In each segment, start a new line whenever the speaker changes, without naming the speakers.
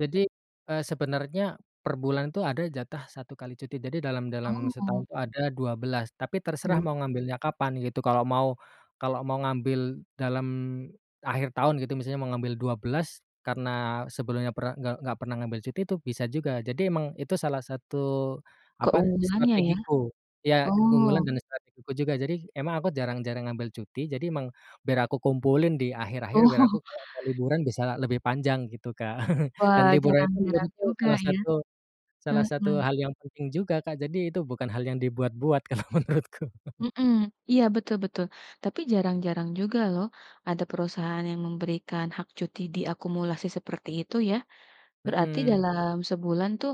Jadi, eee, sebenarnya perbulan itu ada jatah 1 kali cuti. Jadi dalam dalam,
Oh.
setahun ada 12. Tapi terserah
Oh.
mau ngambilnya kapan gitu. Kalau mau kalau mau ngambil dalam akhir tahun gitu misalnya mau ngambil 12 karena sebelumnya pernah nggak nggak pernah ngambil cuti itu bisa juga. Jadi emang itu salah satu, apa,
Keunggulannya ya?
strategiku ya keunggulan
Oh.
dan strategiku juga. Jadi emang aku jarang-jarang ngambil cuti, jadi emang biar aku kumpulin di akhir-akhir biar aku
Oh.
kalo mau liburan bisa lebih panjang gitu, Kak, dan
Wah,
liburan itu
jarang-jarang
menurutku
juga
salah
ya,
satu salah satu
mhm.
hal yang penting juga, Kak, jadi itu bukan hal yang dibuat-buat kalau menurutku.
Mhm, iya betul betul. Tapi jarang-jarang juga loh ada perusahaan yang memberikan hak cuti diakumulasi seperti itu ya. Berarti
Mhm.
dalam sebulan tuh,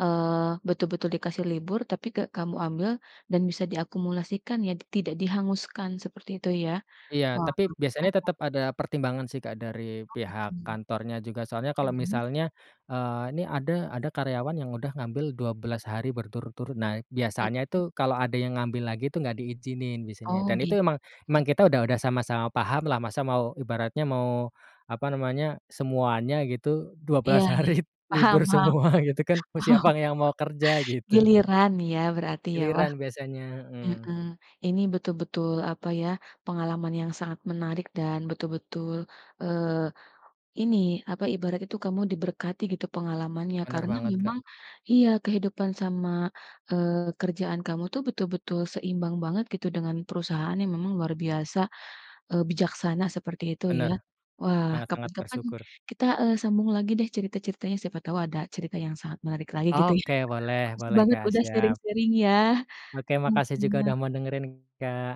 eee, betul-betul dikasih libur, tapi gak kamu ambil dan bisa diakumulasikan ya, tidak dihanguskan seperti itu ya,
Iya
oh.
tapi biasanya
[unintelligible]
tetep ada pertimbangan sih, Kak, dari
Oh gitu,
pihak kantornya juga. Soalnya kalau
mhm.
misalnya, eee, ini ada ada karyawan yang udah ngambil 12 hari berturut-turut. Nah, biasanya
Mhm.
itu kalau ada yang ngambil lagi tuh gak diizinin biasanya,
Oh
dan
git
itu emang emang
oh.
kita udah udah sama-sama pahamlah masa mau ibaratnya mau apa namanya, semuanya gitu dua
Iya
belas
iya,
hari
paham
libur
paham,
semua gitu kan. Mau
paham.
siapa yang mau kerja? Gitu.
Giliran nih ya berarti ya. Wah
Giliran biasanya, heeh.
heeh. Ini betul-betul apa ya, pengalaman yang sangat menarik dan betul-betul, eee, ini apa, ibarat itu kamu diberkati gitu pengalamannya
Benar
karena
banget, Kak.
memang iya, kehidupan sama, eee, kerjaan kamu tuh betul-betul seimbang banget gitu dengan perusahaan yang memang luar biasa, eee, bijaksana seperti itu ya.
Bener.
Wah,
Sangat-sangat
kapan-kapan
bersyukur.
kita, eee, sambung lagi deh cerita-ceritanya siapa tahu ada cerita yang sangat menarik lagi gitu ya.
Oke, boleh
Makasih
boleh,
banget
Kak,
udah
siap.
sharing-sharing ya,
Oke makasih juga udah
mhm.
mau dengerin, Kak.